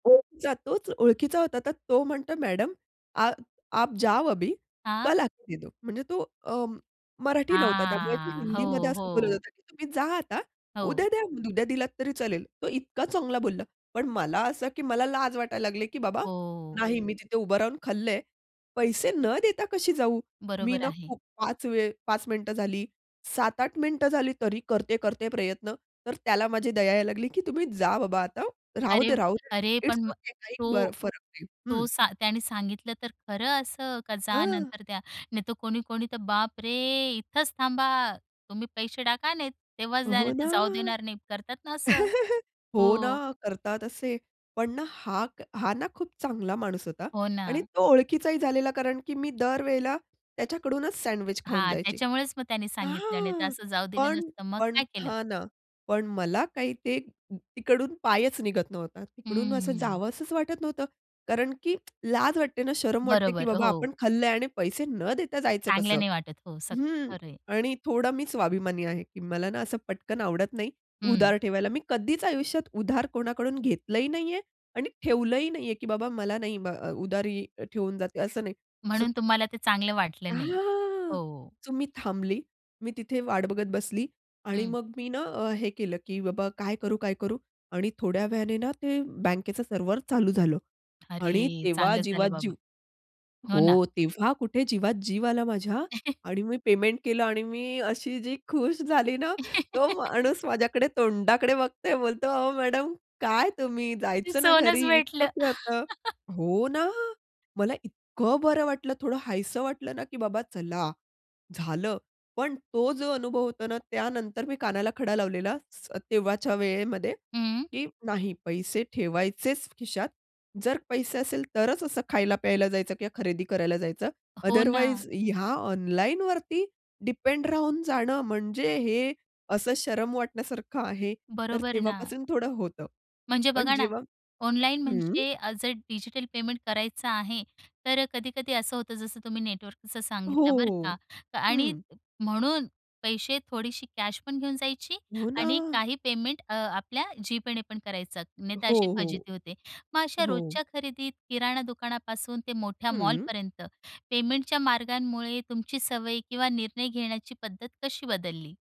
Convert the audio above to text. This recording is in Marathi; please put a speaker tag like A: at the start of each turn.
A: ओळखीचा, तोच ओळखीचा होता. तर तो म्हणतो मॅडम, "आप आप जाओ अभी,
B: हां?
A: कल आके दो," म्हणजे तो अ, मराठी नव्हता त्यामुळे तो
B: हां,
A: हिंदीमध्ये
B: हो,
A: असं बोलत
B: हो.
A: होतं, "की तुम्ही जा आता,
B: हो.
A: उद्या द्या, उद्या दिलात तरी चालेल" तो इतका चांगला बोलला. पण मला असं की मला लाज वाटायला लागले की बाबा,
B: हो.
A: नाही मी तिथे उभं राहून खाल्लंय. पैसे न देता कशी जाऊ? मी
B: बरोबर
A: ना
B: आहे.
A: खूप 5 वेळ 5 मिनिटं झाली, 7-8 मिनिटं झाली, तरी करते-करते प्रयत्न. तर त्याला माझी दया यायला लागली, की तुम्ही जा बाबा आता,
B: अरे,
A: राहूदे-राहूदे
B: अरे,
A: इट्स
B: पण म
A: ओके काही ब
B: तो
A: फरक नाही, हं.
B: तो सा त्याने सांगितलं तर खरं असं का, जा
A: हां.
B: नंतर द्या. नाहीतर कोणी-कोणी तर बाप रे! इथेच थांबा. तुम्ही पैसे टाका नाही तेव्हाच जा,
A: हो ना.
B: नाहीतर जाऊ देणार नाहीत. करतात ना असं,
A: हो
B: हो.
A: ना, करतात असे. पण ना हा हा ना, खूप चांगला माणूस होता
B: हो
A: आणि
B: ना.
A: तो ओळखीचाही झालेला कारण की मी दर वेळेला त्याच्याकडूनच सँडविच खाऊन
B: हां,
A: जायची.
B: त्याच्यामुळेच मग त्यांनी सांगितलं नाही तर
A: हां,
B: असं जाऊ दिलं
A: पण
B: नसतं, मग
A: पण,
B: काय केलं?
A: हां ना, पण मला काही ते तिकडून पायच निघत नव्हता. तिकडून असं
B: हंम्म.
A: जावंसंच वाटत नव्हतं. कारण की लाज वाटते ना, शरम वाटते की
B: बरोबर,
A: बाबा, आपण
B: हो.
A: खाल्लंय आणि पैसे न देता जायचं
B: चांगलं
A: कसं?
B: नाही वाटत हो, असं,
A: हं,
B: खरं आहे.
A: आणि थोडा मी स्वाभिमानी आहे, की मला ना, असं पटकन आवडत नाही,
B: हं.
A: उधार ठेवायला. मी कधीच आयुष्यात उधार कोणाकडून घेतलंही नाहीये आणि ठेवलंही नाहीये, की बाबा, मला नाही ब उधारी ठेवून जाते असं नाही. स
B: म्हणून तुम्हाला ते चांगलं वाटलं नाही,
A: हां,
B: हो.
A: सो मी थांबली. मी तिथे वाट बघत बसली आणि
B: हं.
A: मग मी ना, अ, हे केलं की बाबा, काय करू? काय करू? आणि थोड्या वेळाने ना ते, बँकेचं सर्व्हर चालू झालं आणि
B: अरे!
A: तेव्हा
B: चांगलं
A: जीवात
B: झालं बाबा.
A: जीव.
B: हो ना.
A: हो, तेव्हा कुठे जीवात जीव आला माझ्या आणि मी पेमेंट केलं आणि मी अशी जी खुश झाली ना. तो माणूस माझ्याकडे तोंडाकडे बघतोय बोलतो, "अहो मॅडम, काय तुम्ही?
B: ते
A: जायचं ना
B: सोनच
A: घरी, इतकं
B: भेटलं.
A: काय होतं. हो ना, मला इतकं बरं वाटलं थोडं हायसं वाटलं ना, की बाबा चला, झालं. पण तो जो अनुभव होतो ना त्यानंतर मी कानाला खडा लावलेला स तेव्हाच्या वेळेमध्ये
B: हं.
A: की नाही पैसे ठेवायचेच खिशात, जर पैसे असेल तरच असं खायला-प्यायला जायचं किंवा खरेदी करायला जायचं,
B: हो ना.
A: अदरवाईज ह्या ऑनलाईनवरती डिपेंड राहून जाणं म्हणजे हे असं शरम वाटण्यासारखं आहे. तर
B: बरोबर ना.
A: तेव्हापासून थोडं होतं.
B: म्हणजे
A: पण
B: बघा ना,
A: जेव्हा
B: ऑनलाईन
A: हं.
B: म्हणजे अ, जर डिजिटल पेमेंट करायचं आहे तर अ, कधी-कधी असं होतं, जसं तुम्ही नेटवर्कचं सांगितलं बरं का
A: हो,
B: आणि
A: हं.
B: म्हणून पैसे थोडीशी कॅश पण घेऊन जायची
A: हो
B: आणि
A: ना.
B: काही पेमेंट अ, आपल्या जीपेने पण करायचं. नाही तर अशी
A: हो, हो,
B: फजिती होते. मग अशा
A: हो.
B: रोजच्या खरेदीत किराणा दुकानापासून ते मोठ्या
A: हं.
B: मॉलपर्यंत, पेमेंटच्या मार्गांमुळे तुमची सवय किंवा निर्णय घेण्याची पद्धत कशी बदलली?